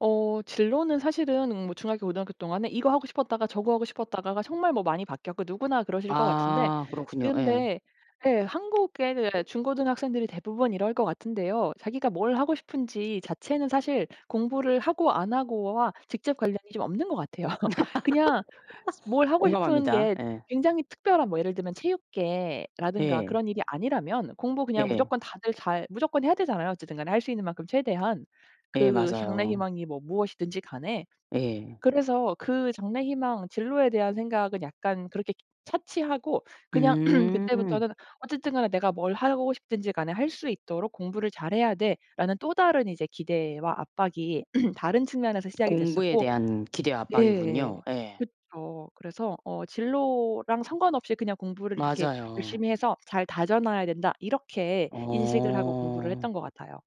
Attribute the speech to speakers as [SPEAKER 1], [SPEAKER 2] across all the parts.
[SPEAKER 1] 어 진로는 사실은 음 뭐 중학교, 고등학교 동안에 이거 하고 싶었다가 저거 하고 싶었다가가 정말 뭐 많이 바뀌었고 누구나 그러실 것 같은데
[SPEAKER 2] 아 그렇군요. 예.
[SPEAKER 1] 근데 예. 한국의 예. 중고등 학생들이 대부분 이럴 것 같은데요. 자기가 뭘 하고 싶은지 자체는 사실 공부를 하고 안 하고와 직접 관련이 좀 없는 것 같아요. 그냥 스 뭘 하고 싶은
[SPEAKER 2] 공감합니다.
[SPEAKER 1] 게
[SPEAKER 2] 예.
[SPEAKER 1] 굉장히 특별한 뭐 예를 들면 체육계라든가
[SPEAKER 2] 예.
[SPEAKER 1] 그런 일이 아니라면 공부 그냥
[SPEAKER 2] 예예.
[SPEAKER 1] 무조건 다들 잘 무조건 해야 되잖아요, 어쨌든 간에 할 수 있는 만큼 최대한.
[SPEAKER 2] 예
[SPEAKER 1] 그 장래
[SPEAKER 2] 맞아요.
[SPEAKER 1] 희망이 뭐 무엇이든지 간에.
[SPEAKER 2] 예.
[SPEAKER 1] 그래서 그 장래 희망 진로에 대한 생각은 약간 그렇게 차치하고 그냥
[SPEAKER 2] 음.
[SPEAKER 1] 그때부터는 어쨌든 간에 내가 뭘 하고 싶든지 간에 할 수 있도록 '공부를 잘 해야 돼.'라는 또 다른 이제 기대와 압박이 다른 측면에서 시작이
[SPEAKER 2] 공부에
[SPEAKER 1] 됐었고
[SPEAKER 2] 대한 기대와
[SPEAKER 1] 예.
[SPEAKER 2] 압박이군요. 예.
[SPEAKER 1] 그쵸. 그래서 어 진로랑 상관없이 그냥 '공부를 이렇게
[SPEAKER 2] 맞아요.
[SPEAKER 1] 열심히 해서 잘 다져 놔야 된다.' 이렇게 인식을 하고 공부를
[SPEAKER 2] 어.
[SPEAKER 1] 했던 것 같아요.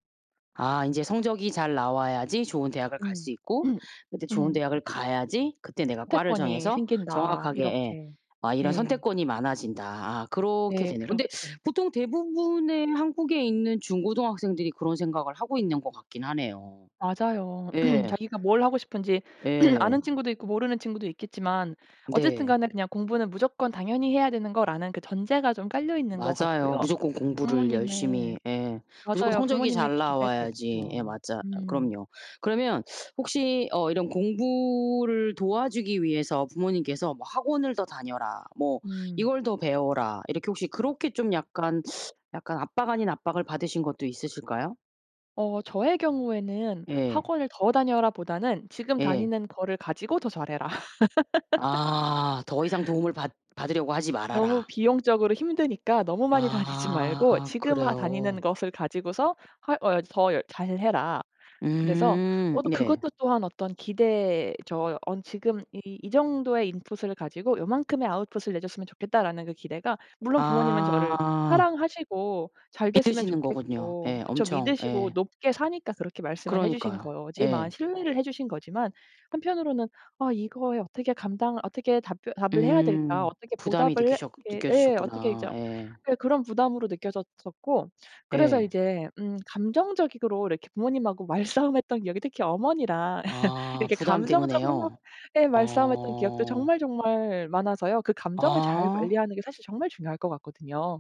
[SPEAKER 2] 아 인제 성적이 잘 나와야지 좋은 대학을 갈
[SPEAKER 1] 음.
[SPEAKER 2] 수 있고 인제 좋은
[SPEAKER 1] 음.
[SPEAKER 2] 대학을 가야지 그때 내가 과를
[SPEAKER 1] '선택권이
[SPEAKER 2] 정해서
[SPEAKER 1] 생긴다.'
[SPEAKER 2] 정확하게 예.
[SPEAKER 1] 이렇게.
[SPEAKER 2] 아 이런
[SPEAKER 1] 예.
[SPEAKER 2] '선택권이 많아진다.' 아아 그렇게
[SPEAKER 1] 네.
[SPEAKER 2] 되네요. 근데
[SPEAKER 1] 그렇게.
[SPEAKER 2] 보통 대부분의 한국에 있는 중고등학생들이 그런 생각을 하고 있는 것 같긴 하네요.
[SPEAKER 1] 맞아요.
[SPEAKER 2] 예.
[SPEAKER 1] 자기가 뭘 하고 싶은지 아는
[SPEAKER 2] 예.
[SPEAKER 1] 친구도 있고 모르는 친구도 있겠지만 어쨌든
[SPEAKER 2] 네.
[SPEAKER 1] 간에 그냥 '공부는 무조건 당연히 해야 되는 거.'라는 그 전제가 좀 깔려 있는 것
[SPEAKER 2] 맞아요.
[SPEAKER 1] 같고요.
[SPEAKER 2] 무조건 공부를 열심히.
[SPEAKER 1] 부모님의
[SPEAKER 2] 예. 무조건
[SPEAKER 1] 맞아요.
[SPEAKER 2] 성적이
[SPEAKER 1] 부모님의
[SPEAKER 2] 잘
[SPEAKER 1] 기대가
[SPEAKER 2] 나와야지. 예.
[SPEAKER 1] 있죠.
[SPEAKER 2] 맞아
[SPEAKER 1] 음.
[SPEAKER 2] 그럼요. 그러면 혹시 어 이런 공부를 도와주기 위해서 부모님께서 뭐 "학원을 더 다녀라, 뭐
[SPEAKER 1] 음.
[SPEAKER 2] 이걸 더 배워라." 이렇게 혹시 그렇게 좀 약간 약간 압박 아닌 압박을 받으신 것도 있으실까요?
[SPEAKER 1] 어. 저의 경우에는
[SPEAKER 2] 예.
[SPEAKER 1] "학원을 더 다녀라."보다는 "지금
[SPEAKER 2] 예.
[SPEAKER 1] 다니는 거를 가지고 더 잘 해라."
[SPEAKER 2] 아. '더 이상 도움을 받 받으려고 하지
[SPEAKER 1] 너무
[SPEAKER 2] 말아라."
[SPEAKER 1] 비용적으로 힘드니까 너무 많이 다니지 말고
[SPEAKER 2] 아.
[SPEAKER 1] 지금 한
[SPEAKER 2] 그래요?
[SPEAKER 1] 다니는 것을 가지고서 할 어 야 더 열 잘 해라. 그래서 어
[SPEAKER 2] 음.
[SPEAKER 1] 또
[SPEAKER 2] 예.
[SPEAKER 1] 그것도 또한 어떤 기대죠. 언 지금 이 "이 정도의 인풋을 가지고 요만큼의 아웃풋을 내 줬으면 좋겠다."라는 그 기대가 물론 부모님은 저를
[SPEAKER 2] 아.
[SPEAKER 1] 사랑하시고 잘 됐으면
[SPEAKER 2] 믿으시는 거군요.
[SPEAKER 1] 좋겠고.
[SPEAKER 2] 예.
[SPEAKER 1] 그쵸.
[SPEAKER 2] 엄청.
[SPEAKER 1] 믿으시고
[SPEAKER 2] 예.
[SPEAKER 1] 높게 사니까 그렇게 말씀을 해 주신
[SPEAKER 2] 그러니까요.
[SPEAKER 1] 거지만,
[SPEAKER 2] 예.
[SPEAKER 1] 신뢰를 해 주신 거지만 한편으로는 아 이거에 어떻게 감당 어떻게 답변 답을 해야 될까?
[SPEAKER 2] 음.
[SPEAKER 1] '어떻게
[SPEAKER 2] 부담이
[SPEAKER 1] 보답을 해?'
[SPEAKER 2] 느끼셨
[SPEAKER 1] 이렇게 예. 어떻게 이 저
[SPEAKER 2] 느껴지셨구나. 예.
[SPEAKER 1] 예. 그런 부담으로 느껴졌었고 그래서
[SPEAKER 2] 예.
[SPEAKER 1] 이제 음 감정적이 으로 막 이렇게 부모님하고 말싸움했던 기억이, 특히 어머니랑
[SPEAKER 2] 아
[SPEAKER 1] 이렇게 감정적으로 막
[SPEAKER 2] 부담때문에요?
[SPEAKER 1] 예. 말싸움했던 기억도
[SPEAKER 2] 어.
[SPEAKER 1] 정말 정말 많아서요. 그 감정을 잘
[SPEAKER 2] 아.
[SPEAKER 1] 관리하는 게 사실 정말 중요할 것 같거든요.